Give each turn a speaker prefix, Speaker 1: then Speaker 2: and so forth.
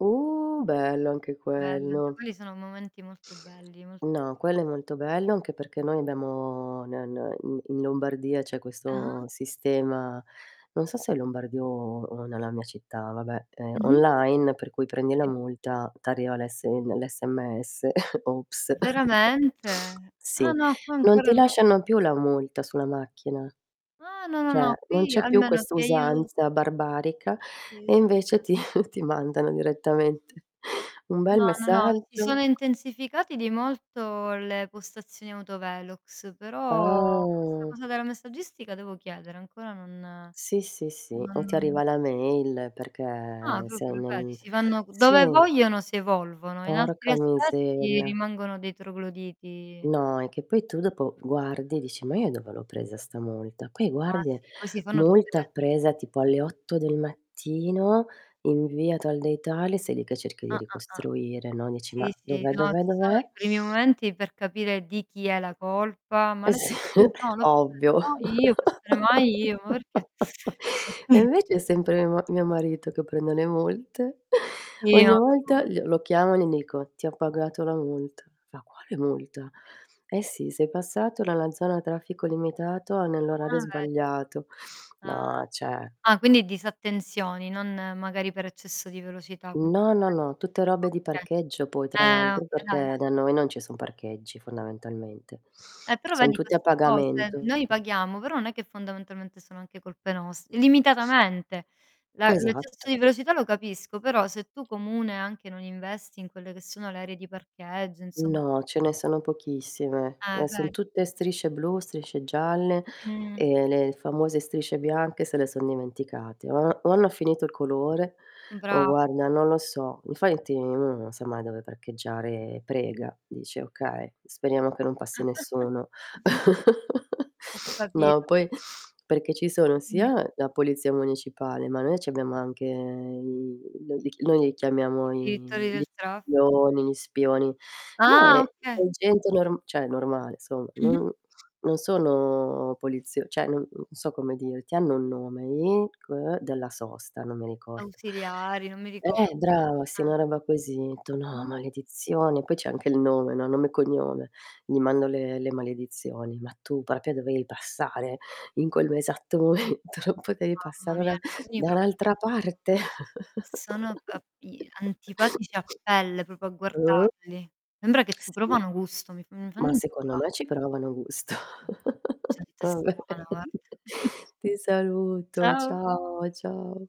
Speaker 1: Uh, bello anche
Speaker 2: Belli, anche
Speaker 1: quello.
Speaker 2: quelli sono momenti molto belli, molto
Speaker 1: No, quello è molto bello anche perché noi abbiamo n n in in Lombardia c'è
Speaker 2: Ah-ah.
Speaker 1: questo sistema- non so se è Lombardia o o nella mia città, vabbè- ehm,
Speaker 2: Mh-mh.
Speaker 1: online, per cui prendi la
Speaker 2: Sì.
Speaker 1: multa t'arriva l'S ehm, l'SMS, ops.
Speaker 2: Veramente? Ah
Speaker 1: Sì,
Speaker 2: no, qua
Speaker 1: non ti
Speaker 2: ancora non
Speaker 1: lasciano più la multa sulla macchina.
Speaker 2: Ah, no, no,
Speaker 1: Cioè,
Speaker 2: no,
Speaker 1: non
Speaker 2: qui
Speaker 1: c'è più
Speaker 2: almeno
Speaker 1: questa
Speaker 2: che io
Speaker 1: usanza barbarica
Speaker 2: Che io
Speaker 1: e invece
Speaker 2: sappia
Speaker 1: ti ti mandano direttamente un bel
Speaker 2: No, no, no si
Speaker 1: messaggio.
Speaker 2: sono intensificati di molto le postazioni autovelox, però questa
Speaker 1: Ah.
Speaker 2: cosa della messaggistica devo chiedere ancora non
Speaker 1: Sì, sì, sì, o ti
Speaker 2: non
Speaker 1: arriva la mail
Speaker 2: Ah,
Speaker 1: perché sei
Speaker 2: proprio vedi
Speaker 1: nel
Speaker 2: si fanno
Speaker 1: sì.
Speaker 2: dove vogliono si evolvono, in altri
Speaker 1: Porca
Speaker 2: aspetti
Speaker 1: miseria.
Speaker 2: rimangono dei trogloditi.
Speaker 1: No, è che poi tu dopo guardi e dici: "Ma io dove l'ho presa 'sta multa?" Qui
Speaker 2: Ah
Speaker 1: guardi e:
Speaker 2: sì, poi si fanno tutte
Speaker 1: "Multa
Speaker 2: le
Speaker 1: presa tipo alle 8 del mattino, in via tal dei tali," sei lì che cerchi di
Speaker 2: Ah, ah, ah.
Speaker 1: ricostruire, no, dici: "Ma,
Speaker 2: Sì, sì,
Speaker 1: dov'è,
Speaker 2: no
Speaker 1: dov'è,
Speaker 2: ci sono
Speaker 1: dov'è."
Speaker 2: i primi momenti per capire di chi è la colpa: "Ma
Speaker 1: Eh
Speaker 2: l'hai
Speaker 1: s
Speaker 2: presa tu?" "No, l'ho presa"
Speaker 1: ovvio.
Speaker 2: "No, io, può essere mai io? Ma perché?"
Speaker 1: E invece è sempre mio ma mio marito che prende le multe.
Speaker 2: Sì, no
Speaker 1: Ogni volta
Speaker 2: figura
Speaker 1: gl lo chiamo e li dico: "Ti ho pagato la multa." Fa: "Quale multa?" "Eh sì, sei passato dalla zona a traffico limitato a nell'orario
Speaker 2: Ah, ve
Speaker 1: sbagliato."
Speaker 2: Ah.
Speaker 1: No, cioè
Speaker 2: Ah, quindi disattenzioni, non magari per eccesso di velocità. [unintelligible]
Speaker 1: No, no, no, tutte robe di
Speaker 2: Okay.
Speaker 1: parcheggio poi tra
Speaker 2: Eh
Speaker 1: l'altro
Speaker 2: oka da e
Speaker 1: perché
Speaker 2: da
Speaker 1: da noi non ci son parcheggi fondamentalmente.
Speaker 2: Eh, però
Speaker 1: Son
Speaker 2: vedi
Speaker 1: tutti a
Speaker 2: queste cose,
Speaker 1: pagamento.
Speaker 2: noi paghiamo, però non è che fondamentalmente sono anche colpe nost limitatamente. La l'eccesso di
Speaker 1: Esatto.
Speaker 2: velocità lo capisco, però se tu comune anche non investi in quelle che sono le aree di parcheggio insom
Speaker 1: No, ce ne sono pochissime,
Speaker 2: Eh
Speaker 1: e son
Speaker 2: ve
Speaker 1: tutte strisce blu, strisce gialle
Speaker 2: Mh.
Speaker 1: e le famose strisce bianche se le son dimenticate. O o hanno finito il colore,
Speaker 2: Mh,
Speaker 1: o
Speaker 2: bra
Speaker 1: guarda non lo so. Infatti uno non sa mai dove parcheggiare. Prega, dice: "Okay, speriamo che non passi nessuno."
Speaker 2: Ho
Speaker 1: No,
Speaker 2: capito.
Speaker 1: poi perché ci sono
Speaker 2: Dimmi.
Speaker 1: sia la polizia municipale, ma noi c'abbiamo anche i no li noi li chiamiamo
Speaker 2: I direttori
Speaker 1: i gli
Speaker 2: del traff
Speaker 1: spioni gli spioni. No è
Speaker 2: Ah,
Speaker 1: è
Speaker 2: oka
Speaker 1: gente norm cioè, normale somma,
Speaker 2: Mh-mh.
Speaker 1: non non sono polizio cioè, non non so come dirti, hanno un nome gli c ehm, della sosta, non mi ricordo.
Speaker 2: Ausiliari, non mi ricordo.
Speaker 1: Eh brava sì,
Speaker 2: Ah.
Speaker 1: una roba così. Tu: "No,
Speaker 2: Ah-ah.
Speaker 1: maledizione." Poi c'è anche il nome, no, nome e cognome. Gli mando le le maledizioni: "Ma tu proprio dovevi passare in quello esatto momento? Non potevi
Speaker 2: Mamma
Speaker 1: passare da
Speaker 2: mia, alcuni
Speaker 1: da
Speaker 2: proprio
Speaker 1: un'altra
Speaker 2: sono [unintelligible]
Speaker 1: parte?"
Speaker 2: sono a p i antipatici a pelle proprio a
Speaker 1: Uh.
Speaker 2: guardarli. Sembra che ci
Speaker 1: Sì.
Speaker 2: provano gusto, mi f mi fanno
Speaker 1: Ma secondo
Speaker 2: incavolare.
Speaker 1: me ci provano gusto.
Speaker 2: Mh. Gente
Speaker 1: Va
Speaker 2: strana,
Speaker 1: bene.
Speaker 2: guarda.
Speaker 1: Ti saluto.
Speaker 2: Ciao.
Speaker 1: Ciao ciao.